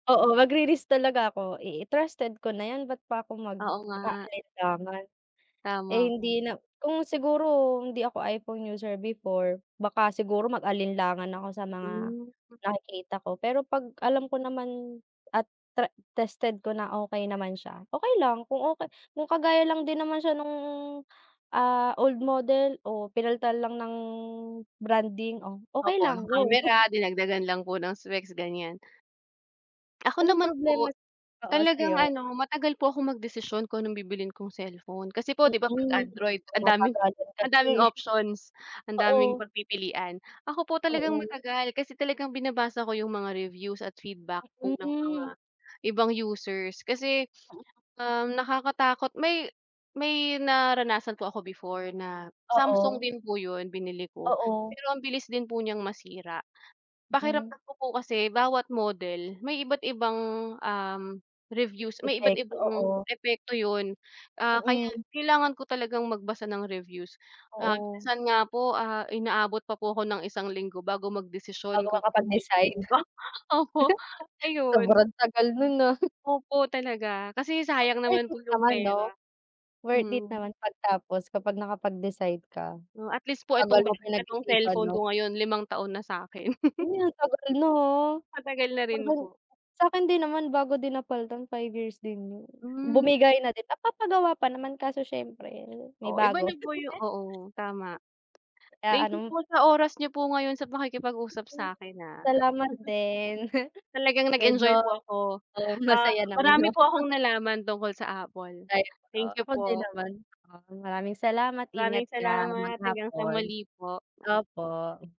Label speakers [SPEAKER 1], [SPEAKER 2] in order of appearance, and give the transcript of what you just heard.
[SPEAKER 1] Oo magri-risk talaga ako i i trusted ko na yan ba't pa ako
[SPEAKER 2] Oo nga.
[SPEAKER 1] mag-aalinlangan. Eh,
[SPEAKER 2] Tama po.
[SPEAKER 1] hindi na kung siguro hindi ako iPhone user before baka siguro mag-alinlangan ako sa mga
[SPEAKER 2] Hmm.
[SPEAKER 1] nakikita ko, pero 'pag alam ko naman at tre tested ko na okay naman siya, okay lang kung okay kung kagaya lang din naman siya nung, ah, old model o pinalitan lang ng branding, oh, okay
[SPEAKER 2] Opo.
[SPEAKER 1] lang,
[SPEAKER 2] Ng
[SPEAKER 1] go.
[SPEAKER 2] kamera, dinagdagan lang po ng specs ganiyan. Ako
[SPEAKER 1] Walang
[SPEAKER 2] naman
[SPEAKER 1] problema
[SPEAKER 2] po,
[SPEAKER 1] oo
[SPEAKER 2] talagang
[SPEAKER 1] sa'yo.
[SPEAKER 2] ano, matagal po akong magdesisyon kung anong bibilhin kong cellphone. Kasi po, 'di ba 'pag
[SPEAKER 1] Mm,
[SPEAKER 2] Android
[SPEAKER 1] pang
[SPEAKER 2] ang daming
[SPEAKER 1] matagalan
[SPEAKER 2] ang daming
[SPEAKER 1] kasi.
[SPEAKER 2] options, ang daming
[SPEAKER 1] Oo.
[SPEAKER 2] pagpipilian. Ako po talagang
[SPEAKER 1] Oo.
[SPEAKER 2] matagal kasi talagang binabasa ko yung mga reviews at feedback po ng mga
[SPEAKER 1] Mm.
[SPEAKER 2] ibang users kasi, um, nakakatakot may, may naranasan po ako before na Samsung
[SPEAKER 1] Oo.
[SPEAKER 2] din po yun binili ko,
[SPEAKER 1] Oo.
[SPEAKER 2] pero ang bilis din po niyang masira.
[SPEAKER 1] Mm.
[SPEAKER 2] Pakiramdam ko po kasi bawat model may iba't ibang, um, reviews may iba't
[SPEAKER 1] Epekto,
[SPEAKER 2] ibang
[SPEAKER 1] oo.
[SPEAKER 2] epekto yun, ah, kaya
[SPEAKER 1] Mm.
[SPEAKER 2] kailangan ko talagang magbasa ng reviews, ah,
[SPEAKER 1] Oo.
[SPEAKER 2] minsan nga po, ah, inaabot pa po ako ng isang linggo bago
[SPEAKER 1] Bago
[SPEAKER 2] magdesisyon kung anong
[SPEAKER 1] makapag-decide.
[SPEAKER 2] bibilhin ko opo, ayun.
[SPEAKER 1] Sobrang tagal nun, ah.
[SPEAKER 2] Opo talaga, kasi sayang
[SPEAKER 1] Worth
[SPEAKER 2] naman po
[SPEAKER 1] it
[SPEAKER 2] yung
[SPEAKER 1] naman 'no?
[SPEAKER 2] pera,
[SPEAKER 1] Worth it
[SPEAKER 2] mhm.
[SPEAKER 1] naman pagtapos kapag nakapag-decide ka.
[SPEAKER 2] 'No at least po itong
[SPEAKER 1] Tagal mo
[SPEAKER 2] bayad na 'tong
[SPEAKER 1] pinag-isipan
[SPEAKER 2] cellphone
[SPEAKER 1] 'no.
[SPEAKER 2] ko ngayon, limang taon na sa 'kin.
[SPEAKER 1] Uy, ang tagal na, ha,
[SPEAKER 2] Matagal na
[SPEAKER 1] para
[SPEAKER 2] rin
[SPEAKER 1] bang
[SPEAKER 2] po.
[SPEAKER 1] sa 'kin din naman bago din napalitan 5 years din yun.
[SPEAKER 2] Hmm.
[SPEAKER 1] Bumigay na din, napapagawa pa naman kaso siyempre may
[SPEAKER 2] Oo iba
[SPEAKER 1] bago.
[SPEAKER 2] nagoyo oo tama.
[SPEAKER 1] Ah,
[SPEAKER 2] Thank you
[SPEAKER 1] anong
[SPEAKER 2] po sa oras niyo po ngayon sa pakikipag-usap sa 'kin, ah.
[SPEAKER 1] Salamat din.
[SPEAKER 2] Talagang
[SPEAKER 1] Medyo
[SPEAKER 2] nag-enjoy po ako,
[SPEAKER 1] oo
[SPEAKER 2] ah,
[SPEAKER 1] masaya naman
[SPEAKER 2] marami
[SPEAKER 1] yung
[SPEAKER 2] po
[SPEAKER 1] ano.
[SPEAKER 2] akong nalaman tungkol sa Apple.
[SPEAKER 1] Ay, o
[SPEAKER 2] Thank you
[SPEAKER 1] ako din
[SPEAKER 2] po.
[SPEAKER 1] naman 'no. Maraming salamat ingat
[SPEAKER 2] Maraming
[SPEAKER 1] ka
[SPEAKER 2] salamat hanggang sa
[SPEAKER 1] maghapon,
[SPEAKER 2] muli po.
[SPEAKER 1] opo.